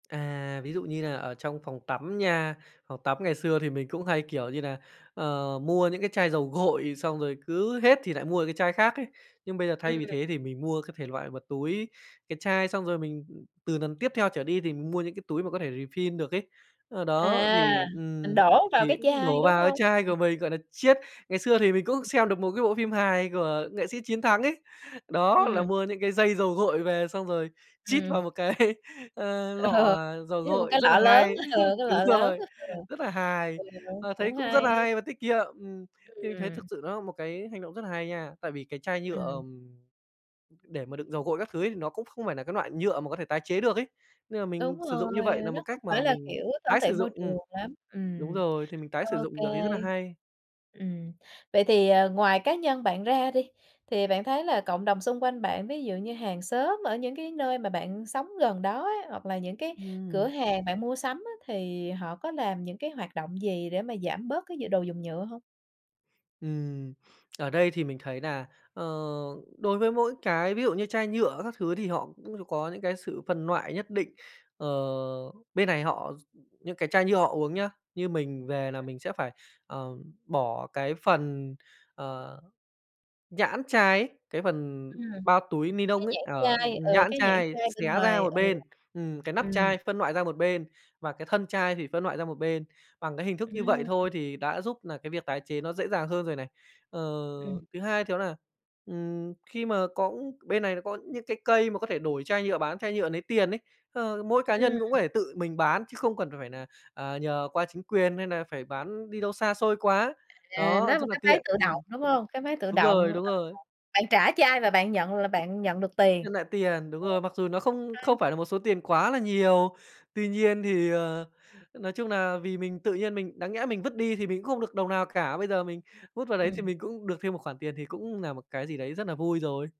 À, ví dụ như là ở trong phòng tắm nha, phòng tắm ngày xưa thì mình cũng hay, kiểu như nà, ờ, mua những cái chai dầu gội xong rồi cứ hết thì nại mua cái chai khác ấy. Nhưng bây giờ, thay Ừm. vì thế thì mình mua cái thể loại mà túi, cái chai xong rồi mình từ lần tiếp theo trở đi thì mua những cái túi mà có thể refill được ấy. Ơ, đó, thì, À, mình ừm, đổ vào thì cái [unintelligible] chai, đổ đúng vào cái hông? chai của mình, gọi nà, chiết. Ngày xưa thì mình cũng [unintelligible] xem được một cái bộ phim hài của nghệ sĩ Chiến Thắng ấy, đó, là Ừm. mua những cái dây dầu gội về xong rồi chít Ừm. vào một cái, ơ, Ờ, lọ dầu [unintelligible] gội, cái rất là lọ lớn, hay. ờ, cái Đúng lọ lớn, rồi, ờ, rất là hài, ừ, ờ, thấy cũng cũng rất hay. nà hay và tiết kiệm, ừm. Thì mình thấy thực Ừm. sự nó là một cái hành động rất là hay nha, tại vì cái chai nhựa, Ừm. ờm, để mà đựng dầu gội các thứ ấy, nó cũng không phải là cái loại nhựa mà có thể tái chế được ấy, nên là Đúng mình sử dụng như rồi, vậy nà một nó không cách phải mà là, mình kiểu, thân tái sử thiện môi dụng ừm, trường lắm, đúng ừm, rồi, thì mình tái sử ô dụng kê. được thì rất là hay. Ừm. Vậy thì, ờ, ngoài cá nhân bạn ra đi, thì bạn thấy là cộng đồng xung quanh bạn ví dụ như hàng xóm ở những cái nơi mà bạn sống gần đó ấy, hoặc là những cái cửa Ừm. hàng bạn mua sắm á, thì họ có làm những cái hoạt động gì để mà giảm bớt cái d đồ dùng nhựa hông? Ừm, ở đây thì mình thấy nà, ờ, đối với mỗi cái ví dụ như chai nhựa các thứ thì họ cũng có những cái sự phân loại nhất định, ờ, bên này họ x những cái chai nhựa họ uống nhá, như mình về là [unintelligible] mình sẽ phải, ờ, bỏ cái phần, ờ, nhãn chai ấy, cái phần Ừm. bao túi ni nông Cái ấy, nhãn ờ, chai ừ, nhãn cái nhãn chai, chai bên xé ra ngoài, một ừ, bên, ừm, cái nắp ừm. chai phân loại ra một bên và cái thân chai thì phân loại ra một bên. Bằng cái hình thức như vậy Ừm. thôi thì đã giúp nà cái việc tái chế nó dễ dàng hơn rồi này. Ờ, Ừm. thứ hai thì đó là, ừm, khi mà có bên này nó có những cái cây mà có thể đổi chai nhựa bán, chai nhựa lấy tiền ấy, ơ, mỗi cá Ừm. nhân cũng có thể tự mình bán chứ không cần phải là, ờ, nhờ qua chính quyền hay là phải bán đi đâu xa xôi quá. À, Đó, nó một rất là cái máy tiện, tự ừm. động, đúng không? Cái máy tự Đúng rồi, động, đúng ờ, rồi. bạn trả cho ai là bạn nhận là bạn nhận được tiền. Nhận lại tiền, đúng rồi, mặc dù nó không [unintelligible] không phải là một số tiền quá là nhiều. Tuy nhiên thì, ờ, nói chung nà vì mình tự nhiên mình đáng nhẽ mình vứt đi thì mình cũng không được đồng nào cả, bây giờ mình vứt vào đấy thì Ừm. mình cũng được thêm một khoản tiền thì cũng nà một cái gì đấy rất nà vui rồi.